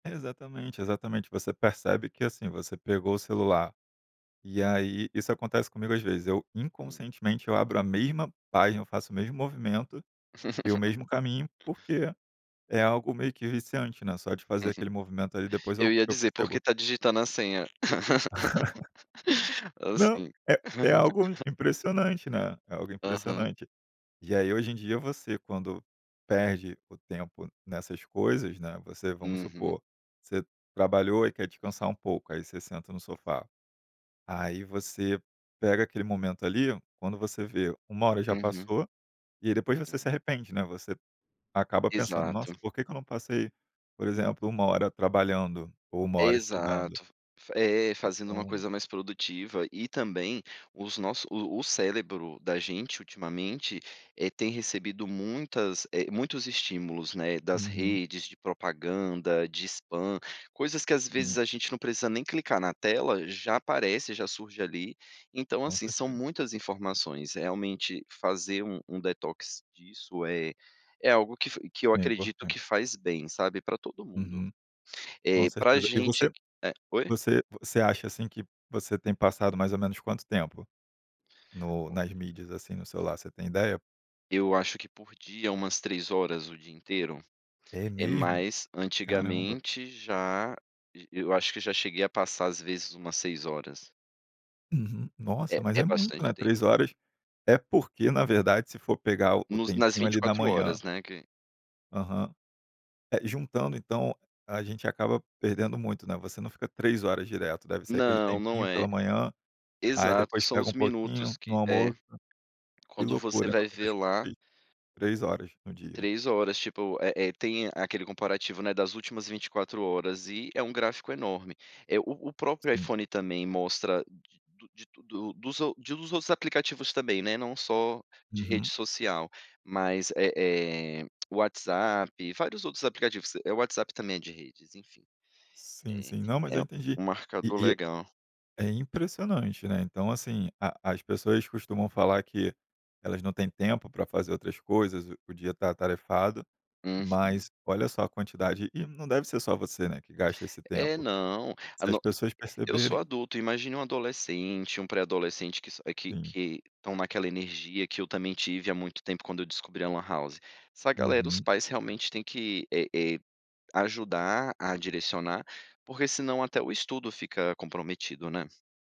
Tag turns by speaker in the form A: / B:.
A: Exatamente, exatamente, você percebe que, assim, você pegou o celular, e aí isso acontece comigo às vezes, eu,
B: Hum.
A: inconscientemente eu abro a mesma página, eu faço o mesmo movimento, e o mesmo caminho, porque é algo meio que viciante, né, só de fazer aquele movimento ali, depois
B: Eu
A: eu
B: ia
A: eu
B: dizer porque
A: percebo.
B: tá digitando a senha,
A: Não,
B: assim,
A: é é algo impressionante, né, é algo
B: Aham.
A: impressionante. E aí hoje em dia você quando perde o tempo nessas coisas, né, você, vamos
B: Uhum.
A: supor, você trabalhou e quer descansar um pouco, aí você senta no sofá, aí você pega aquele momento ali, quando você vê, 1 hora já
B: Uhum.
A: passou, e aí depois você se
B: É.
A: arrepende, né, você acaba pensando: "Nossa,
B: Exato.
A: por que que eu não passei, por exemplo 1 hora trabalhando, ou 1 hora estudando?".
B: Exato, f é, fazendo uma
A: Então
B: coisa mais produtiva e também os nossos o o cérebro da gente, ultimamente, eh, tem recebido muitas eh, muitos estímulos, né, das
A: Uhum.
B: redes, de propaganda, de spam, coisas que às vezes
A: Sim.
B: a gente não precisa nem clicar na tela, já aparece, já surge ali. Então,
A: Com
B: assim, são
A: certeza.
B: muitas informações, realmente fazer um um detox disso é é algo que f que eu
A: É
B: acredito
A: importante.
B: que faz bem, sabe, pra todo mundo,
A: Uhum, com
B: eh, pra
A: certeza. E você
B: gente é oi?
A: você você acha, assim, que você tem passado mais ou menos quanto tempo? No nas
B: [unintelligible]
A: mídias, assim, no celular, você tem ideia?
B: Eu acho que por dia umas 3 horas o dia inteiro,
A: É
B: eh,
A: mesmo?
B: mas
A: Caramba!
B: antigamente já j eu acho que já cheguei a passar às vezes umas 6 horas.
A: Uhum,
B: É,
A: nossa, mas é
B: é
A: muito,
B: bastante
A: né,
B: tempo.
A: 3 horas, é porque, na verdade, se for pegar o o
B: Nos nas
A: tempinho
B: vinte e
A: ali da
B: quatro horas,
A: manhã
B: né, que
A: Aham. Eh, juntando, então, a gente acaba perdendo muito, né, você não fica 3 horas direto, deve ser aquele
B: Não, não
A: tempinho
B: é.
A: pela manhã, aí
B: Exato,
A: depois
B: são
A: pega
B: os
A: um
B: minutos
A: pouquinho no
B: que é,
A: almoço. Que
B: quando você
A: loucura, são
B: vai ver
A: 3 por
B: lá
A: dia. 3 horas no dia.
B: 3 horas, tipo, eh eh, tem aquele comparativo, né, das últimas 24 horas e é um gráfico enorme, eh, o o próprio
A: Sim.
B: iPhone também mostra, de do de tudo o dos ou de dos outros aplicativos também, né, não só de rede
A: Uhum.
B: social, mas, eh eh, o WhatsApp e vários outros aplicativos, eh, o WhatsApp também é de redes, enfim.
A: Sim,
B: É
A: sim, não, mas
B: é
A: eu entendi,
B: um
A: e
B: marcador
A: e
B: legal.
A: é impressionante, né. Então, assim, a as pessoas costumam falar que elas não têm tempo pra fazer outras coisas, o o dia tá atarefado,
B: Uhum.
A: mas olha só a quantidade e não deve ser só você, né, que gasta esse
B: É,
A: tempo,
B: não, a
A: se as
B: no
A: pessoas
B: eu sou
A: perceberem
B: adulto, imagine um adolescente, um pré-adolescente que s que
A: Sim.
B: que estão naquela energia, que eu também tive há muito tempo quando eu descobri a lan house. Essa galera, os
A: Uhum.
B: pais realmente têm que, eh eh, ajudar a direcionar, porque senão até o estudo fica comprometido, né?